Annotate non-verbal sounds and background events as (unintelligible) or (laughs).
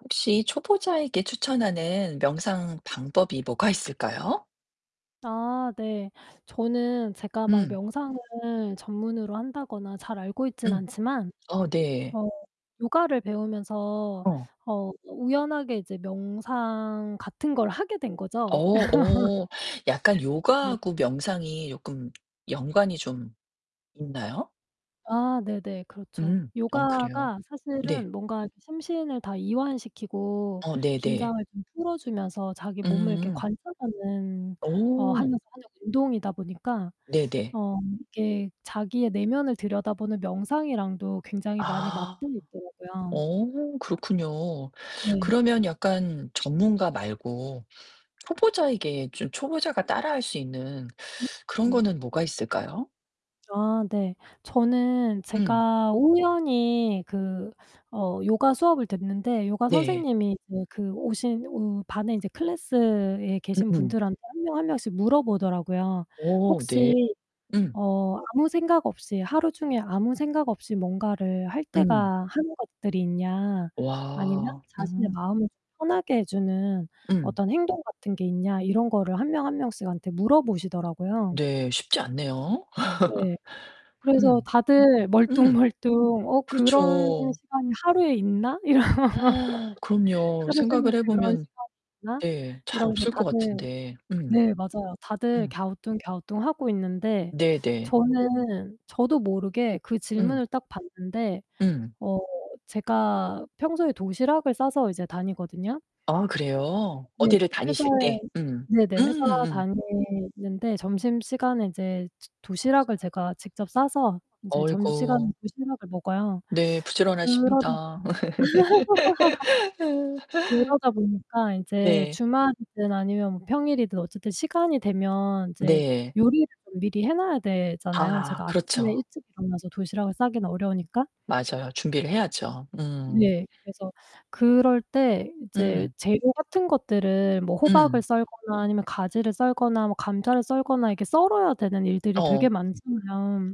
혹시 초보자에게 추천하는 명상 방법이 뭐가 있을까요? 아 네. 저는 제가 막 음. 명상을 전문으로 한다거나 잘 알고 있진 음. 않지만 어 네. 어 요가를 배우면서 어. 어 우연하게 이제 명상 같은 걸 하게 된 어, 거죠. (laughs) 어. 약간 네 요가하고 명상이 조끔 연관이 좀 있나요? 아, 네네. 그렇죠. 음. 어 그래요? 요가가 네. 사실은 뭔가 이렇게 심신을 다 이완시키고 어 긴장을 네네. 좀 풀어 주면서 자기 몸을 이렇게 음. 관찰하는 어 오. 하면서 하는 운동이다 보니까 (sucks teeth) 네네. 어 이게 자기의 내면을 들여다보는 명상이랑도 굉장히 많이 맞 아. (unintelligible) 있더라고요. 어, 그렇군요. 네. 그러면 약간 전문가 말고 초보자에게 좀 초보자가 따라할 수 있는 (sucks teeth) 그런 거는 뭐가 있을까요? 아, 네. 저는 음. 제가 우연히 그 어 요가 수업을 듣는데 요가 네. 선생님이 이제 그 오신 오 반에 이제 클래스에 계신 음음. 분들한테 1 명 1 명씩 물어보더라고요. 어 네. 혹시 음. "어, 아무 생각 없이 하루 종일 아무 생각 없이 뭔가를 할 음. 때가 하는 것들이 있냐? 아니면 와. 자신의 음. 마음을 조금 편하게 해 주는 음. 어떤 행동 같은게 있냐?" 이런 거를 1 명 1 명씩한테 물어보시더라고요. 네, 쉽지 않네요. 네. (laughs) 그래서 음. 다들 음. 멀뚱멀뚱 '어, 그런 그렇죠. 시간이 하루에 있나?' 이런 (gasps) (laughs) 그럼요. '하루 종일 생각을 해 그런 보면 시간이 있나?' 네, 잘 이러면서 없을 것 다들 같은데. 음. 네, 맞아요. 다들 음. 갸우뚱갸우뚱하고 있는데 네네. 저는 저도 모르게 그 음. 질문을 딱 받는데. 음. 어, 제가 평소에 도시락을 싸서 이제 다니거든요. 아 그래요? 네. 어디를 회사에 다니실 때? 음. 네네. 음, 회사 음음. 다니는데 점심시간에 이제 저 도시락을 제가 직접 싸서 이제 점심시간에 어이구. 도시락을 먹어요. 네, (sucks teeth) 그러다 보니까 부지런하십니다. (laughs) (laughs) 그러다 보니까 이제 네. 주말이든 아니면 뭐 평일이든 어쨌든 시간이 되면 이제 네. 요리를 좀 미리 해 놔야 되잖아요. 아, 제가 아침에 그렇죠. 일찍 일어나서 도시락을 싸기는 어려우니까. 맞아요. 준비를 해야죠. 음. 네, 그래서 그럴 때 이제 음. 재료 같은 것들을 뭐 호박을 음. 썰거나 아니면 가지를 썰거나 뭐 감자를 썰거나 이렇게 썰어야 되는 일들이 되게 어. 많잖아요.